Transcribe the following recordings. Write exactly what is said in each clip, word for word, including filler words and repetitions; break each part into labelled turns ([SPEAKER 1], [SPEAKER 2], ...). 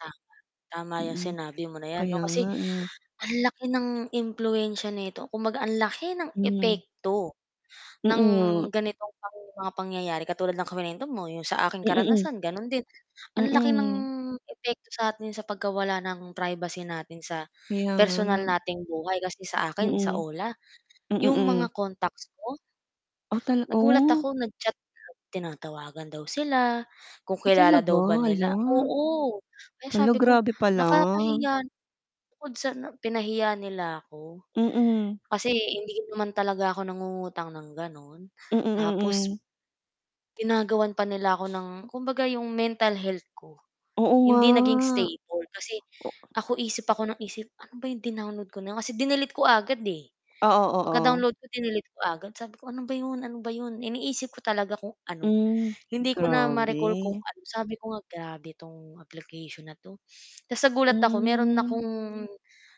[SPEAKER 1] Tama, tama 'yong
[SPEAKER 2] Mm,
[SPEAKER 1] sinabi mo na 'yan 'no,
[SPEAKER 2] kaya nga,
[SPEAKER 1] kasi
[SPEAKER 2] eh.
[SPEAKER 1] ang laki ng impluwensiya nito kumbaga ang laki ng
[SPEAKER 2] Hmm.
[SPEAKER 1] epekto
[SPEAKER 2] Mm
[SPEAKER 1] ng
[SPEAKER 2] nga.
[SPEAKER 1] ganitong pang mga pangyayari, katulad ng kuwento mo 'yong sa aking
[SPEAKER 2] Mm, hmm.
[SPEAKER 1] karanasan gano'n din, ang laki ng
[SPEAKER 2] Mm.
[SPEAKER 1] epekto sa atin sa pagkawala ng privacy natin sa
[SPEAKER 2] Kaya
[SPEAKER 1] personal
[SPEAKER 2] nga.
[SPEAKER 1] nating buhay kasi sa akin sa
[SPEAKER 2] Mm,
[SPEAKER 1] O-L-A
[SPEAKER 2] mm,
[SPEAKER 1] 'yong
[SPEAKER 2] mm.
[SPEAKER 1] mga contacts ko
[SPEAKER 2] O tal
[SPEAKER 1] nagulat
[SPEAKER 2] oh!
[SPEAKER 1] ako nag-chat tinatawagan daw sila, kung
[SPEAKER 2] Ah,
[SPEAKER 1] kilala
[SPEAKER 2] talaga
[SPEAKER 1] daw ba
[SPEAKER 2] hala.
[SPEAKER 1] nila oo kaya
[SPEAKER 2] Hala,
[SPEAKER 1] sabi ko
[SPEAKER 2] grabe pala.
[SPEAKER 1] nakakahiya bukod sa pinahiya nila ako,
[SPEAKER 2] Mm.
[SPEAKER 1] kasi hindi naman talaga ako nangungutang ng gano'n,
[SPEAKER 2] Mm,
[SPEAKER 1] tapos
[SPEAKER 2] mm.
[SPEAKER 1] ginagawan pa nila ako ng kumbaga 'yong mental health ko,
[SPEAKER 2] Oo nga,
[SPEAKER 1] hindi naging stable, kasi
[SPEAKER 2] o
[SPEAKER 1] ako isip ako ng isip ano ba 'yong din-download ko na 'yon, kasi dinilete ko agad, eh,
[SPEAKER 2] Oo,
[SPEAKER 1] pagka
[SPEAKER 2] oo.
[SPEAKER 1] download ko, dinilete ko agad, sabi ko ano ba 'yon, ano ba 'yon, iniisip ko talaga kung ano
[SPEAKER 2] Hmm,
[SPEAKER 1] hindi ko na ma-recall kung
[SPEAKER 2] grabe.
[SPEAKER 1] ano, sabi ko nga grabe tong application na 'to, tapos sa gulat ako meron
[SPEAKER 2] Hmm.
[SPEAKER 1] akong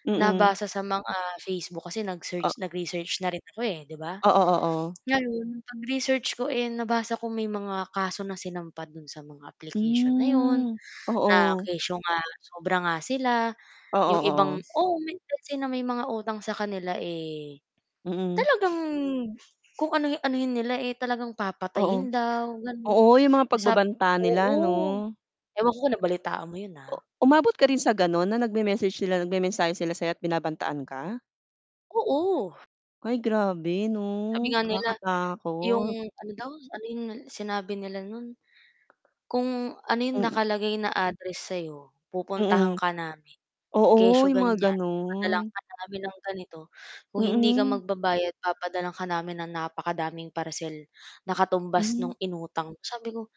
[SPEAKER 2] Mm.
[SPEAKER 1] nabasa sa mga Facebook kasi
[SPEAKER 2] O
[SPEAKER 1] nag-search, nag-research na rin ako, eh, 'di ba,
[SPEAKER 2] Oo, oo.
[SPEAKER 1] ngayon pag-research ko, eh, nabasa ko may mga kaso na sinampa do'n sa mga application na 'yon,
[SPEAKER 2] Hmm,
[SPEAKER 1] na
[SPEAKER 2] oo.
[SPEAKER 1] kesyo nga sobra nga sila
[SPEAKER 2] Oo,
[SPEAKER 1] 'yong ibang
[SPEAKER 2] oo.
[SPEAKER 1] oo kasi may mga utang sa kanila, eh,
[SPEAKER 2] Mm.
[SPEAKER 1] talagang kung ano anuhin nila eh, talagang
[SPEAKER 2] Oo,
[SPEAKER 1] papatayin daw gano'n,
[SPEAKER 2] oo yung mga
[SPEAKER 1] yung sa
[SPEAKER 2] pagbabanta nila 'no.
[SPEAKER 1] oo
[SPEAKER 2] M
[SPEAKER 1] ewan ko kung nabalitaan mo 'yon ha.
[SPEAKER 2] O umabot ka rin sa ganun na nagme-message sila nagmemensahe sila sayo at binabantaan ka?
[SPEAKER 1] Oo.
[SPEAKER 2] Ay grabe 'no,
[SPEAKER 1] Sabi nga nila, yung
[SPEAKER 2] nakakatakot.
[SPEAKER 1] ano daw, ano yung sinabi nila nun, kung ano yung
[SPEAKER 2] Mm.
[SPEAKER 1] nakalagay na address sayo, "Pupuntahan
[SPEAKER 2] Mm,
[SPEAKER 1] ka namin
[SPEAKER 2] oo
[SPEAKER 1] kesyo
[SPEAKER 2] yung mga
[SPEAKER 1] ganyan papadalhan
[SPEAKER 2] ganun.
[SPEAKER 1] ka namin ng ganito kung hindi ka
[SPEAKER 2] Mm.
[SPEAKER 1] magbabayad papadalhan ka namin ng napakadaming parcel, na katumbas nung
[SPEAKER 2] Hm.
[SPEAKER 1] inutang mo", sabi ko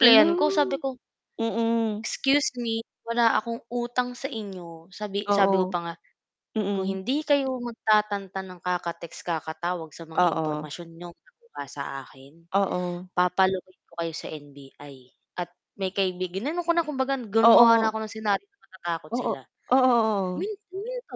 [SPEAKER 2] Yun lang,
[SPEAKER 1] ko, sabi ko
[SPEAKER 2] mm.
[SPEAKER 1] "Excuse me wala akong utang sa inyo" sabi sabi ko
[SPEAKER 2] Oo.
[SPEAKER 1] pa nga "Kung
[SPEAKER 2] Mm.
[SPEAKER 1] hindi kayo magtatantan ng kaka-text kakatawag sa mga
[SPEAKER 2] Oo.
[SPEAKER 1] impormasyon niyong nakuha sa akin
[SPEAKER 2] Oo.
[SPEAKER 1] papa-locate ko kayo sa N-B-I at may kaibigan ginanon ko na kung baga gumawa na
[SPEAKER 2] Oo.
[SPEAKER 1] ako ng scenario na matatakot
[SPEAKER 2] Oo,
[SPEAKER 1] sila
[SPEAKER 2] oo, oo.
[SPEAKER 1] humin huminto."